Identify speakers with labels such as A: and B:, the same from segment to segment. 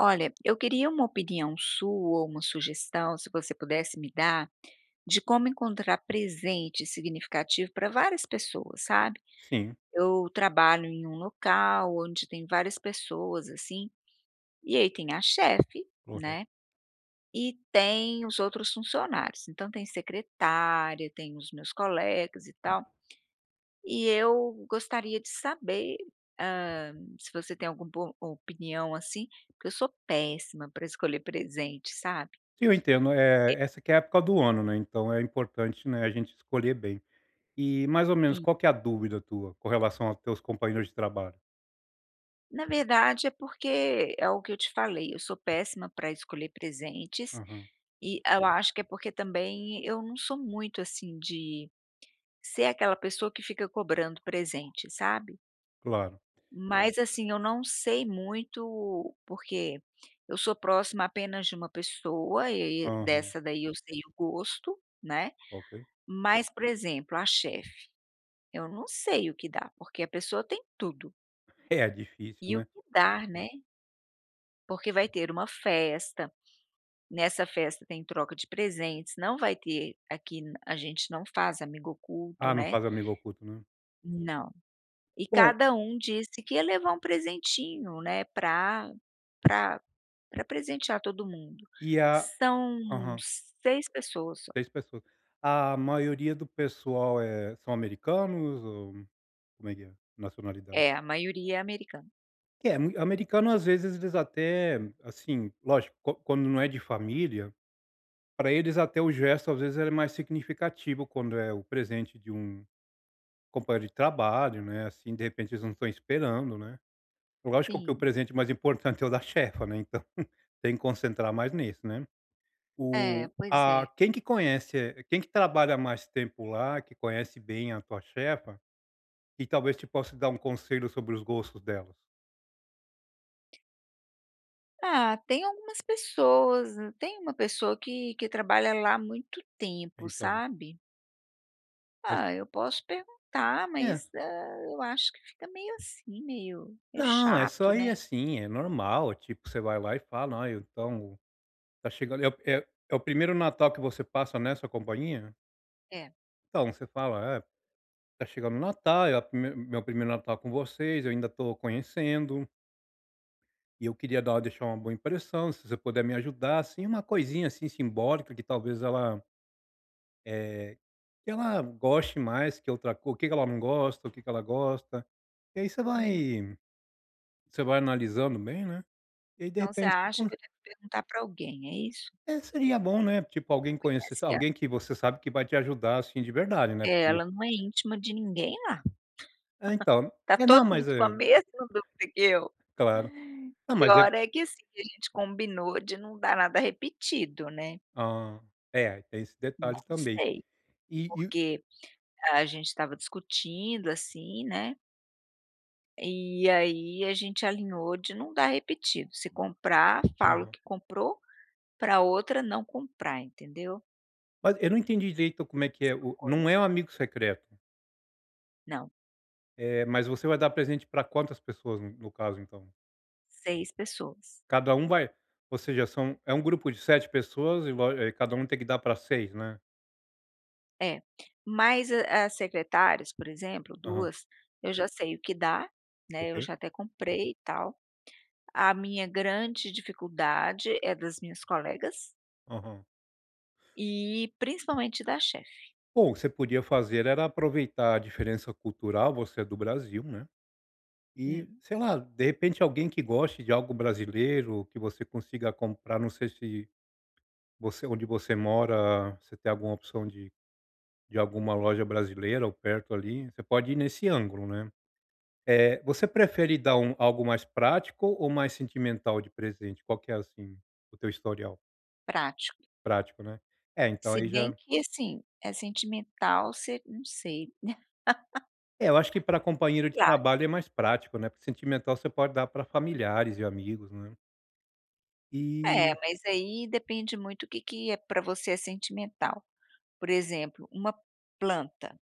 A: Olha, eu queria uma opinião sua ou uma sugestão, se você pudesse me dar, de como encontrar presente significativo pra várias pessoas, sabe.
B: Sim.
A: Eu trabalho em um local onde tem várias pessoas assim. E aí, tem a chefe,
B: Corre
A: né, e tem os outros funcionários. Então tem: secretária, tem os meus colegas e tal e eu gostaria de saber, hã, se você tem algum bo opinião, assim, porque eu sou péssima pra escolher presente, sabe.
B: Sim, eu entendo, eh,
A: E
B: essa que é a época do ano, né, então é importante, né, a gente escolher bem. E, mais ou menos,
A: Sim.
B: qual que é a dúvida tua com relação aos teus companheiros de trabalho?
A: Na verdade, é porque, é o que eu te falei, eu sou péssima pra escolher presentes.
B: Aham.
A: E a eu acho que é porque também, eu não sou muito, assim, de ser aquela pessoa que fica cobrando presente, sabe.
B: Claro.
A: Mas, assim, eu não sei muito, porque eu sou próxima apenas de uma pessoa e e aí
B: Aham.
A: dessa daí eu sei o gosto, né.
B: Ok.
A: Mas, por exemplo, a chefe, eu não sei o que dar, porque a pessoa tem tudo.
B: É
A: E
B: difícil,
A: o
B: né.
A: que dar, né porque vai ter uma festa, nessa festa tem troca de presentes, não vai ter aqui a gente não faz amigo oculto,
B: Ah, não
A: né.
B: faz amigo oculto, né.
A: Não. E
B: Bom
A: cada um disse que ia levar um presentinho, né, pra pra pra presentear todo mundo,
B: E a
A: são
B: aham.
A: 6 pessoas só.
B: 6 pessoas. A maioria do pessoal, eh, são americanos ou como é que é a nacionalidade?
A: É, a maioria é americana.
B: Que é mui americano às vezes eles até, assim, lógico, qua quando não é de família, pra eles até o gesto às vezes ele é mais significativo quando é o presente de um companheiro de trabalho, né, assim, de repente eles não estão esperando, né, lógico que o
A: Sim.
B: presente mais importante é o da chefa, né, então, tem que concentrar mais nisso, né,
A: É,
B: o
A: pois é.
B: a quem que conhece, quem que trabalha há mais tempo lá, que conhece bem a tua chefa e talvez te possa dar um conselho sobre os gostos delas?
A: Ah, tem algumas pessoas, tem uma pessoa que que trabalha lá há muito tempo,
B: Então.
A: sabe.
B: Mas
A: Ah, eu posso perguntar,
B: É.
A: mas, hã, eu acho que fica meio assim, meio meio
B: Não, é
A: chato,
B: só ir
A: né.
B: assim, é normal, tipo, você vai lá e fala: "Ó, eu então, tá chegando" é o é o primeiro Natal que você passa nessa companhia?
A: É.
B: Então, você fala: "É, tá chegando o Natal, é o primei meu primeiro Natal com vocês, eu ainda tô conhecendo" "e eu queria dar deixar uma boa impressão, se você puder me ajudar, assim, uma coisinha assim simbólica, que talvez ela" "é, que ela goste mais que outra co o que que ela não gosta, o que que ela gosta". E aí você
A: Hum.
B: vai, você vai analisando bem, né, e aí de
A: Então você
B: repente você
A: acha
B: con
A: que eu devo perguntar pra alguém, é isso?
B: É, seria bom, né, tipo alguém conhecesse,
A: Conhece ela.
B: alguém que você sabe que vai te ajudar, assim, de verdade, né,
A: É,
B: porque
A: ela não é íntima de ninguém lá,
B: É, então.
A: tá
B: É, não,
A: todo mundo
B: mas
A: com a
B: é
A: mesma dúvida que eu.
B: Claro. Não, mas é
A: Pior é que assim, a gente combinou de não dar nada repetido, né.
B: Hã, é, tem esse
A: Não
B: detalhe também.
A: sei,
B: E, e
A: porque a gente estava discutindo assim, né. E aí a gente alinhou de não dar repetido. Se comprar, fala o
B: Aham.
A: que comprou pra outra não comprar, entendeu.
B: Mas eu não entendi direito como é que é
A: Mesma
B: o não
A: coisa.
B: é o amigo secreto.
A: Não.
B: Eh, mas você vai dar presente para quantas pessoas, no caso, então?
A: 6 pessoas.
B: Cada um vai, ou seja, são é um grupo de 7 pessoas e vo e cada um tem que dar pra 6, né?
A: É, mas as secretárias, por exemplo,
B: Aham.
A: 2, eu já sei o que dar, né, eu
B: Ok.
A: já até comprei e tal. a minha grande dificuldade é das minhas colegas
B: Aham
A: e principalmente da chefe.
B: Bom, o que você podia fazer era aproveitar a diferença cultural, você é do Brasil, né. E
A: Hum.
B: sei lá, de repente alguém que goste de algo brasileiro, que você consiga comprar, não sei se você onde você mora, você tem alguma opção de de alguma loja brasileira ou perto ali, você pode ir nesse ângulo, né. Eh, você prefere dar um algo mais prático ou mais sentimental de presente? Qual que é assim, o teu historial?
A: Prático.
B: Prático, né, é, então,
A: Se
B: aí
A: bem
B: já
A: que assim, é sentimental se não sei.
B: É, eu acho que pra companheiro de
A: Sei lá.
B: trabalho é mais prático, né, porque sentimental você pode dar pra familiares e amigos, né.
A: É,
B: E
A: mas aí depende muito o que que é pra você é sentimental, por exemplo, uma planta,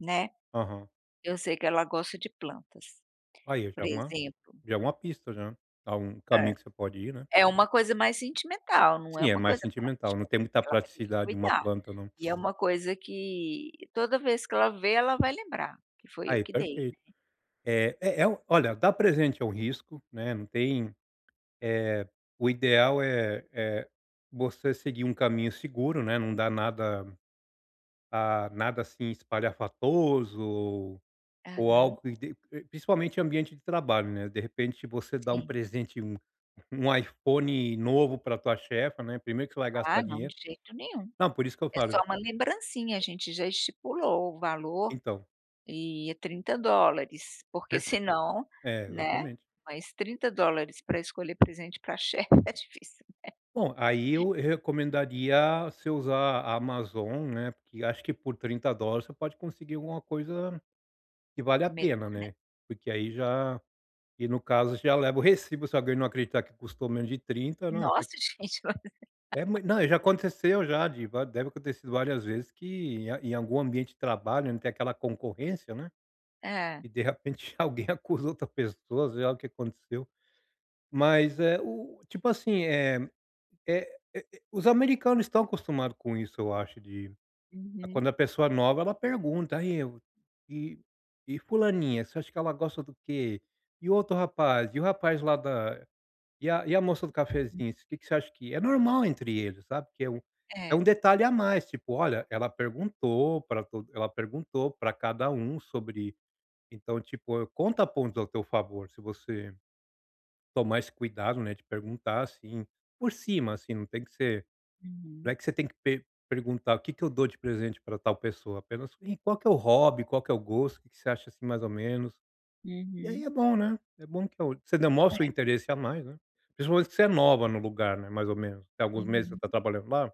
A: né,
B: Aham.
A: eu sei que ela gosta de plantas,
B: Aí, já
A: por
B: é uma
A: exemplo.
B: já é uma pista já, tá um
A: É,
B: caminho que você pode ir, né.
A: é uma coisa mais sentimental, não
B: Sim,
A: é
B: é
A: uma
B: mais
A: coisa
B: sentimental,
A: prática,
B: não tem muita
A: que ela vai ter que
B: praticidade uma
A: cuidar,
B: planta, não.
A: e é uma coisa que toda vez que ela ver, ela vai lembrar que fui eu
B: Aí,
A: que dei,
B: perfeito,
A: né.
B: eh eh, é o olha, dar presente é um risco, né, não tem, eh, o ideal, eh eh, você seguir um caminho seguro, né, não dar nada, ah, nada assim espalhafatoso ou
A: Aham.
B: algo que de principalmente ambiente de trabalho, né, de repente você dá um
A: Sim.
B: presente, um um iPhone novo pra tua chefa, né, primeiro que você vai gastar
A: Ah, não,
B: dinheiro
A: de jeito nenhum,
B: não, por isso que eu
A: é só
B: falo
A: uma lembrancinha, a gente já estipulou o valor
B: Então.
A: e é $30, porque
B: Perfe
A: senão,
B: é,
A: né,
B: exatamente.
A: mas $30 pra escolher presente pra chefe é difícil, né.
B: Bom, aí eu recomendaria você usar a Amazon, né, porque acho que por $30 você pode conseguir alguma coisa que vale a
A: Melhor,
B: pena, né, porque aí
A: né.
B: já e no caso já leva o recibo, se alguém não acreditar que custou menos de 30, não, tá
A: Nossa, gente mas
B: É mui não, já aconteceu já, de va deve ter acontecido várias vezes que em em algum ambiente de trabalho, onde tem aquela concorrência, né,
A: É.
B: e de repente alguém acusa outra pessoa, sei lá o que aconteceu, mas, eh, o tipo assim, eh eh eh, os americanos estão acostumados com isso, eu acho de quando
A: Uhum.
B: a pessoa é nova, ela pergunta, "E aí, e e fulaninha, você acha que ela gosta do quê, e outro rapaz, e o rapaz lá da e a e a moça do cafezinho, o que que você acha que", é normal entre eles, sabe, porque é um, é um
A: É.
B: detalhe a mais, tipo, "Olha, ela perguntou pra to ela perguntou pra cada um sobre", então, tipo, conta pontos ao teu favor, se você tomar esse cuidado, né, de perguntar assim, por cima, assim, não tem que ser, não
A: Uhum.
B: é que você tem que per perguntar, "O que que eu dou de presente pra tal pessoa?", apenas, e, "Qual que é o hobby, qual que é o gosto, o que que você acha, assim, mais ou menos?", e aí
A: Uhum.
B: é bom, né, é bom que o, você demonstra o
A: É.
B: interesse a mais, né, principalmente que você é nova no lugar, né, mais ou menos tem alguns meses que você tá
A: Uhum.
B: trabalhando lá?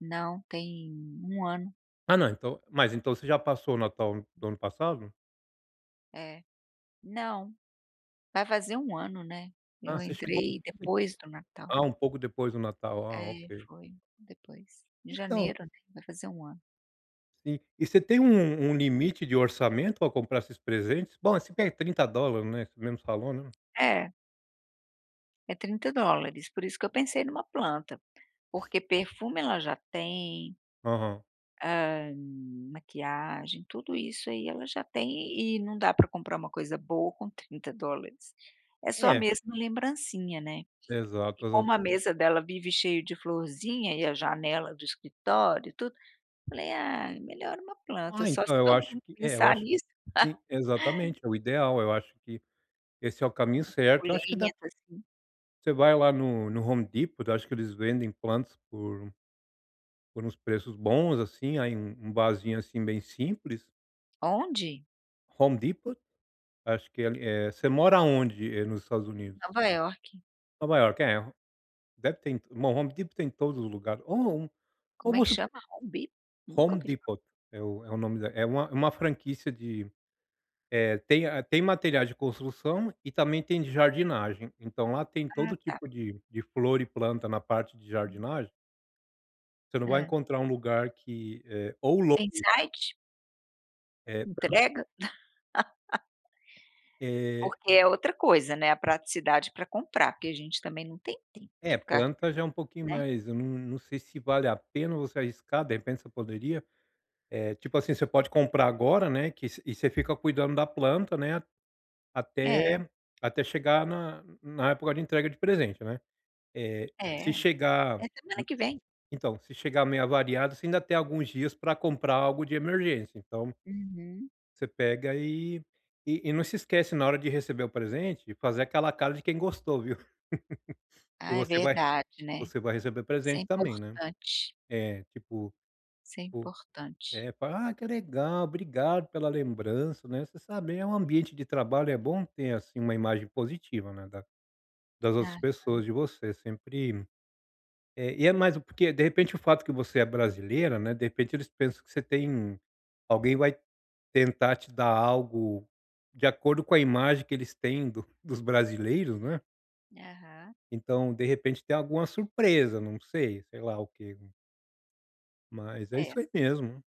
A: Não, tem 1 ano.
B: Ah, não, então mas então cê já passou o Natal do ano passado?
A: É, não, vai fazer 1 ano, né,
B: Ah,
A: eu
B: você chegou,
A: entrei depois do Natal.
B: ah, um pouco depois do Natal, ah,
A: É,
B: ok.
A: foi depois, em
B: Então
A: janeiro, vai fazer 1 ano.
B: Sim, e você tem um um limite de orçamento pra comprar esses presentes, bom, você quer $30, né, você mesmo falou, né.
A: É é $30, por isso que eu pensei numa planta, porque perfume ela já tem
B: Aham.
A: hã, maquiagem, tudo isso aí ela já tem e não dá pra comprar uma coisa boa com $30, é só
B: É.
A: mesmo lembrancinha, né,
B: Exato,
A: e
B: exa
A: como a mesa dela vive cheio de florzinha e a janela do escritório e tudo, falei: "Ah, melhor uma planta",
B: Ah,
A: só se
B: então eu
A: todo
B: acho
A: mundo
B: que, eh, eu
A: pensar
B: acho
A: nisso.
B: que, sim, exatamente, é o ideal, eu acho que esse é o caminho
A: Uma
B: certo, eu acho que dá pra
A: suculenta, assim.
B: Você vai lá no no Home Deport, acho que eles vendem plantas por por uns preços bons, assim, aí um um vasinho, assim, bem simples
A: Onde?
B: Home Depot acho que ele, eh. Você mora onde, eh, nos Estados Unidos?
A: Nova Iorque.
B: Nova Iorque, é, deve ter em Home Depot tem em todos os lugares ou não,
A: Como é
B: como
A: que
B: assim?
A: chama? Home Bip? nunca
B: Home
A: ouvi falar.
B: Depot é o é o nome da é uma é uma franquia de, eh, tem a tem material de construção e também tem de jardinagem. Então lá tem
A: Ah,
B: todo
A: tá.
B: tipo de, de flor e planta na parte de
A: Hum.
B: jardinagem você não vai
A: Hã.
B: encontrar um lugar que, eh, ou
A: Tem
B: [unintelligible]
A: site?
B: É [unintelligible]
A: Entrega?
B: Eh
A: Porque é outra coisa, né. A praticidade para comprar, porque a gente também não tem tempo
B: É,
A: de ficar
B: planta já é um pouquinho
A: né?
B: mais, hum, eu não, não sei se vale a pena você arriscar. De repente você poderia eh, tipo assim, você pode comprar agora, né. Que se e você fica cuidando da planta, né
A: É.
B: até, até chegar na na época de entrega de presente, né eh, se
A: É
B: chegar
A: é semana que vem.
B: então, se chegar meio avariado, você ainda tem alguns dias pra comprar algo de emergência. Então
A: Uhum.
B: você pega e e não se esquece, na hora de receber o presente, de fazer aquela cara de quem gostou, viu. E
A: Ah, é
B: você vai
A: verdade, né?
B: você vai receber
A: Isso é
B: presente também, né.
A: importante.
B: É, tipo
A: Isso é importante.
B: é, fal "ah, que legal! Obrigado pela lembrança", né. Você sabe, eh, um ambiente de trabalho é bom ter, assim, uma imagem positiva, né, das das
A: Ah,
B: outras
A: tá.
B: pessoas, de você sempre é, e é mais o porque, de repente, o fato que você é brasileira, né, de repente eles pensam que você tem alguém vai tentar te dar algo de acordo com a imagem que eles têm dos dos brasileiros, não é?
A: Aham.
B: Então, de repente, tem alguma surpresa, não sei, sei lá o que mas é isso
A: É.
B: aí mesmo.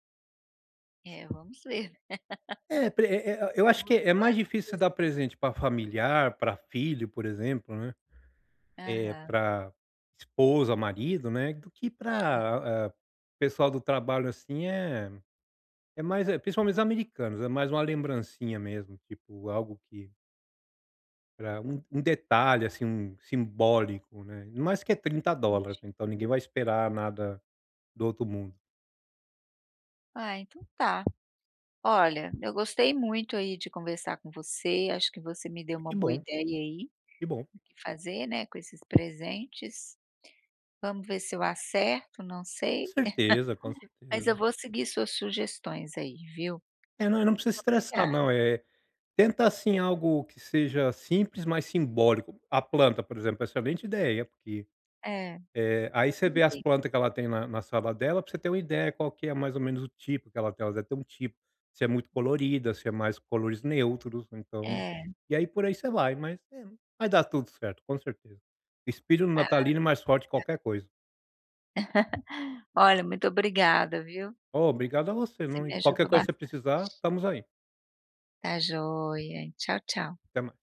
A: É, vamos ver.
B: É, pre é é, eu acho
A: Vamos
B: que
A: ver o
B: é
A: que vai
B: mais difícil você dar
A: acontecer.
B: presente pra familiar, pra filho, por exemplo, né, eh,
A: Aham.
B: pra esposa, marido, né, do que
A: Hã.
B: pra, eh, pessoal do trabalho, assim, eh, é mais é principalmente os americanos, é mais uma lembrancinha mesmo, tipo, algo que pra um um detalhe, assim, um simbólico, né. Ainda mais que é $30
A: Entendi.
B: então, ninguém vai esperar nada do outro mundo.
A: Ah, então, tá. Olha, eu gostei muito aí de conversar com você, acho que você me deu uma
B: Que
A: boa
B: bom.
A: ideia aí,
B: Que bom.
A: do que fazer, né, com esses presentes. Vamos ver se eu acerto, não
B: Com
A: sei,
B: certeza, com
A: mas eu
B: certeza.
A: vou seguir suas sugestões aí, viu.
B: É, não, não precisa
A: Obrigada.
B: estressar, não, eh, tenta, assim, algo que seja simples, mas simbólico. A planta, por exemplo, excelente ideia, porque,
A: É
B: eh, aí você vê as
A: [unintelligible]
B: planta que ela tem na na sala dela pra você ter uma ideia qual que é, mais ou menos o tipo que ela tem. Ela deve ter um tipo: se é muito colorida, se é mais cores neutros, então,
A: É.
B: e aí por aí você vai. Mas é, vai dar tudo certo, com certeza. Espírito
A: Ah,
B: natalino é mais forte que
A: tá.
B: qualquer coisa.
A: Olha, muito obrigada, viu.
B: Ô, obrigado a você,
A: Você
B: não,
A: me
B: e qualquer
A: ajudou
B: coisa que você
A: bastante.
B: precisar, estamos aí.
A: Tá joia, tchau, tchau.
B: Até ma